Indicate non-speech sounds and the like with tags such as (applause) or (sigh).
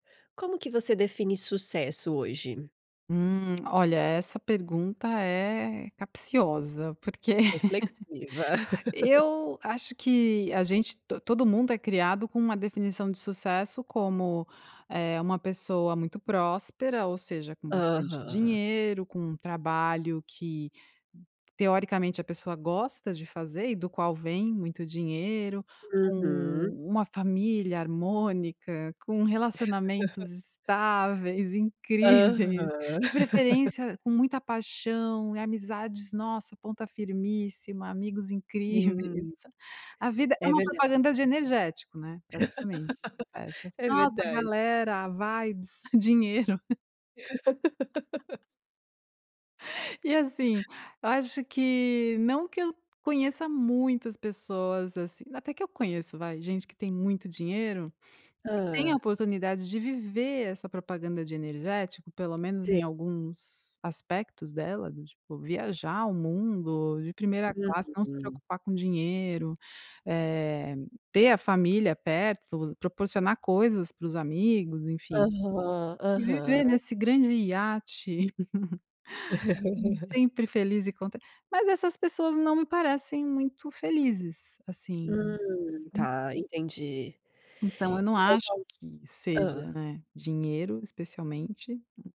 Como que você define sucesso hoje? Hum. Olha, essa pergunta é capciosa, porque Reflexiva. (laughs) (laughs) eu acho que a gente to todo mundo é criado com uma definição de sucesso como, eh, uma pessoa muito próspera, ou seja, com bastante Aham. dinheiro, com um trabalho que, teoricamente a pessoa gosta de fazer, e do qual vem muito dinheiro. Uhum. Com uma família harmônica. Com (laughs) relacionamentos estáveis, (chuckles) incríveis. Aham. De (laughs) preferência, com muita paixão e amizades, nossa, ponta firmíssima, amigos (chuckles) incríveis. Hum. A vida é É uma verdade. propaganda de energético, né, praticamente. Sucesso (laughs) ass É nossa, a verdade. galera, a "vibes", (chuckles) dinheiro. (laughs) E assim, eu acho que, não que eu conheça muitas pessoas, assim até que eu conheço, vai, gente que tem muito dinheiro, e que tem a Hã. oportunidade de viver essa propaganda de energético, pelo menos Se em alguns aspectos dela, do tipo, viajar o mundo de primeira classe, não se Uhum. preocupar com dinheiro. Eh, ter a família perto. Proporcionar coisas para os amigos, enfim. Aham. E viver Aham. nesse grande iate. (laughs) (laughs) Sempre feliz e cont mas essas pessoas não me parecem muito felizes, assim. Hum. Tá, entendi. Então eu não Então acho tal que seja, hã. né, dinheiro, especialmente.